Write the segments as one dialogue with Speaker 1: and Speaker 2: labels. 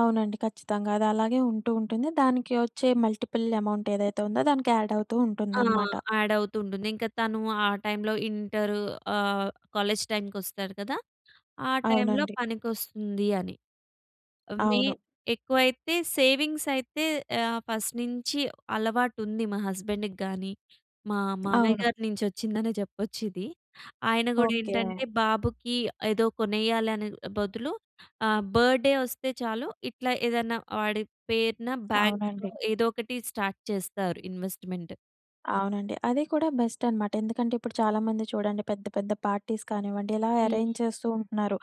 Speaker 1: అవునండి. ఖచ్చితంగా అదలాగే ఉంటూ ఉంటుంది. దానికి వచ్చే మల్టిపుల్ అమౌంట్ ఏదైతే ఉందో దానికి యాడ్ అవుతూ
Speaker 2: ఆ!
Speaker 1: ఉంటుందనమాట.
Speaker 2: యాడ్ అవుతూ ఉంటుంది. ఇంకా తను ఆ టైంలో ఇంటర్ ఆహ్, కాలేజ్ టైంకొస్తాడు కద. ఆ టైంలో
Speaker 1: అవునండి.
Speaker 2: పనికొస్తుంది అని. మే
Speaker 1: అవును.
Speaker 2: ఎక్కువైతే సేవింగ్స్ అయితే ఆహ్, ఫస్ట్ నుంచి అలవాటు ఉంది మా హస్బండ్‌ గాని, మా మామయ్య
Speaker 1: అవును.
Speaker 2: గారి నుంచొచ్చిందనే జెప్పొచ్చు ఇది. ఆయన కూడా
Speaker 1: ఓకె.
Speaker 2: ఏంటంటే బాబుకి ఏదో కొనేయాలి అనే బదులు ఆహ్, బర్డే వస్తే చాలు ఇట్లా ఏదన్నా వాడి పేరున బ్యాంక్‌లో
Speaker 1: అవునండి.
Speaker 2: ఏదో ఒకటి స్టార్ట్ చేస్తారు ఇన్‌వస్ట్‌మెంట్.
Speaker 1: అవునండి. అది కూడా బెస్ట్ అనమాట. ఎందుకంటే ఇప్పుడు చాలామంది చూడండి పెద్ద పెద్ద పార్టీస్ కానివ్వండి ఇలా అరేంజ్
Speaker 2: హ్మ్.
Speaker 1: చేస్తూ ఉంటున్నారు.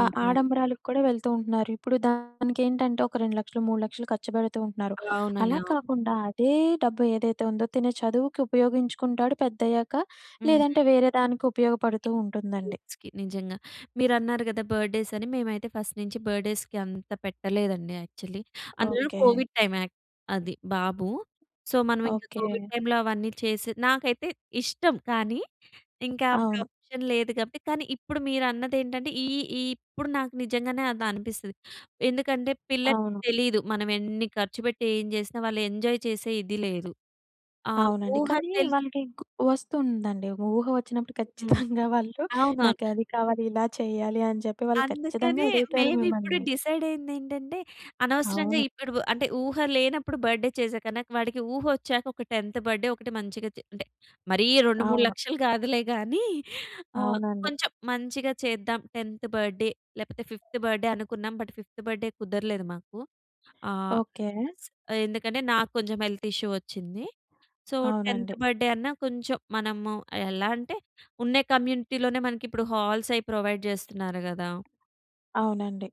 Speaker 1: ఆహ్, ఆడంబరాలకు కూడా వెళ్తూ ఉంటున్నారు. ఇప్పుడు దానికి ఏంటంటే ఒక 2,00,000 3,00,000 ఖర్చుపెడుతూ ఉంటున్నారు.
Speaker 2: అవునండి.
Speaker 1: అలా
Speaker 2: అవును.
Speaker 1: కాకుండా అదే డబ్బు ఏదైతే ఉందో తను చదువుకి ఉపయోగించుకుంటాడు పెద్దయ్యాక
Speaker 2: హ్మ్.
Speaker 1: లేదంటే వేరే దానికి ఉపయోగపడుతూ ఉంటుందండి.
Speaker 2: కిడ్స్‌కి నిజంగా. మీరు అన్నారు గద, బర్డ్ డే‌స్ అని మేమైతే ఫస్ట్ నుంచి బర్డేస్‌కి అంత పెట్టలేదండి యాక్చువలీ. అందులో
Speaker 1: ఓకె.
Speaker 2: కోవిడ్ టైమ్ యాక్ అది బాబు. సో మనం ఇంకా
Speaker 1: ఓకె.
Speaker 2: కోవిడ్ టైమ్‌లో అవన్నీ చేసి నాకైతే ఇష్టం కానీ, ఇంకా అప్పుడు
Speaker 1: అవును.
Speaker 2: ఆప్షన్ లేదు కాబట్టి. కానీ, ఇప్పుడు మీరు అన్నదేంటంటే ఈ ఈ ఇప్పుడు నాకు నిజంగానే అది అనిపిస్తది. ఎందుకంటే పిల్లలకి
Speaker 1: అవును.
Speaker 2: తెలీదు. మనం ఎన్ని ఖర్చుపెట్టి ఏం జేసినా వాళ్ళు ఎంజాయ్ చేసే ఇది లేదు. ఆ
Speaker 1: అవునండి.
Speaker 2: ఊహ
Speaker 1: కానీ
Speaker 2: తెల్
Speaker 1: వాళ్ళకి ఇంక వస్తుందండి. ఊహ వచ్చినప్పుడు
Speaker 2: హ్మ్.
Speaker 1: ఖచ్చితంగా వాళ్ళు
Speaker 2: అవునవును.
Speaker 1: నాకు అది కావాలి, ఇలా చెయ్యాలి అని చెప్పి వాళ్ళు ఖచ్చితంగా
Speaker 2: అందుకనే
Speaker 1: అడుగుతారు
Speaker 2: మేము ఇప్పుడు
Speaker 1: మిమ్మల్ని.
Speaker 2: డిసైడయ్యిందేంటంటే. అనవసరంగా
Speaker 1: అవును.
Speaker 2: ఇప్పుడు అంటే, ఊహ లేనప్పుడు బర్డే చేసేకన్నా వాడికి ఊహ ఒచ్చాక ఒక టెంత్ బర్డ్ డే ఒకటి మంచిగా చె అంటే మరీ రెండు మూడు
Speaker 1: అవును.
Speaker 2: లక్షలు కాదులే గాని ఆహ్,
Speaker 1: అవునండి.
Speaker 2: కొంచెం మంచిగా చేద్దాం 10థ్ బర్డే లేకపోతే ఫిఫ్త్ బర్త్డే అనుకున్నాం. బట్ ఫిఫ్త్ బర్డే కుదర్లేదు మాకు. ఆహ్,
Speaker 1: ఓకె.
Speaker 2: ఎందుకంటే నాకు కొంచెం హెల్త్ ఇష్యూ ఒచ్చింది. సో, 10థ్
Speaker 1: అవునండి.
Speaker 2: బర్డే అన్నా కొంచెం మనము ఎలా అంటే ఉన్న కమ్యూనిటీలోనే మనకి ఇప్పుడు హాల్స్ అవి ప్రొవైడ్ జేస్తున్నారు గదా.
Speaker 1: అవునండి.